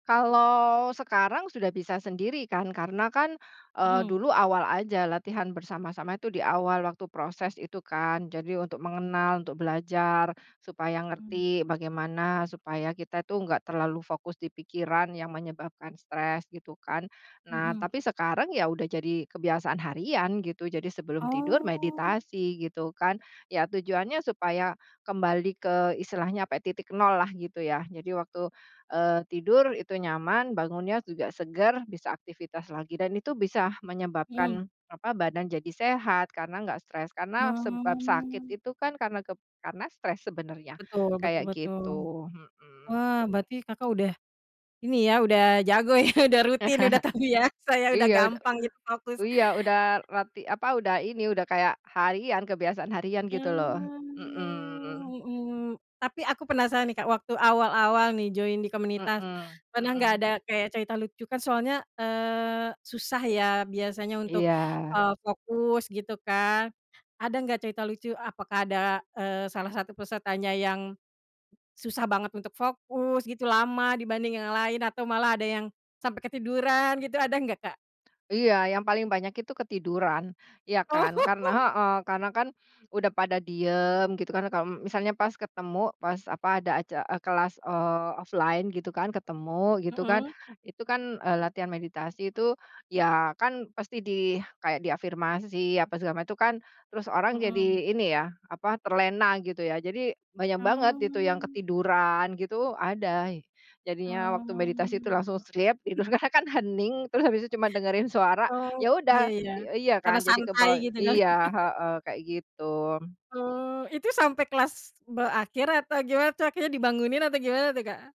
Kalau sekarang sudah bisa sendiri kan, karena kan, eee, Mhm. dulu awal aja latihan bersama-sama itu di awal waktu proses itu kan, jadi untuk mengenal, untuk belajar, supaya Mmm. ngerti bagaimana, supaya kita tuh nggak terlalu fokus di pikiran yang menyebabkan stres gitu kan. Nah, Mhm. tapi sekarang ya udah jadi kebiasaan harian gitu, jadi sebelum tidur Oh. meditasi gitu kan, ya tujuannya supaya kembali ke istilahnya apa ya, titik nol lah gitu ya, jadi waktu, eee, tidur itu nyaman, bangunnya juga segar bisa aktivitas lagi dan itu bisa Mhm. menyebabkan apa, badan jadi sehat karena nggak stres, karena sebab sakit Mmm. itu kan kep karena stres sebenarnya, Betul betul kayak betul. gitu, mhm. Wah berarti Kakak udah ini ya, udah jago ya, udah rutin, udah tahu ya, saya udah Iya ud gampang gitu fokus. iya udah lati apa udah ini, udah kayak harian, kebiasaan harian gitu loh. Mmm, Mhm. mhm. Tapi aku penasaran nih Kak, waktu awal-awal nih join di komunitas, Mhm, pernah gak mhm. ada kayak cerita lucu kan soalnya, eee, susah ya biasanya untuk, Iya. eee, fokus gitu kan, ada gak cerita lucu? Apakah ada, eee, salah satu pesertanya yang susah banget untuk fokus gitu, lama dibanding yang lain atau malah ada yang sampai ketiduran gitu, ada gak, Kak? Iya, yang paling banyak itu ketiduran, ya kan, kan Oh. heeh, karena kan udah pada diem gitu kan, kalau misalnya pas ketemu pas apa ada aca eee, kelas, eee, offline gitu kan, ketemu gitu kan, Mhm. itu kan, eee, latihan meditasi itu ya kan pasti di kayak di afirmasi apa segala ma itu kan, terus orang jadi Mhm. ini ya apa terlena gitu ya, jadi banyak banget itu yang Mmm. ketiduran gitu ada, jadinya waktu meditasi itu Mmm. langsung sleep, itu karena kan hening terus habis itu cuma dengerin suara, Oh. ya udah Ya ya, eee, iya kan, karena jadi santai kebawa gitu kali. iya, heeh, kayak gitu. Oh, itu sampai kelas berakhir atau gimana tuh? Akhirnya dibangunin atau gimana tuh Kak?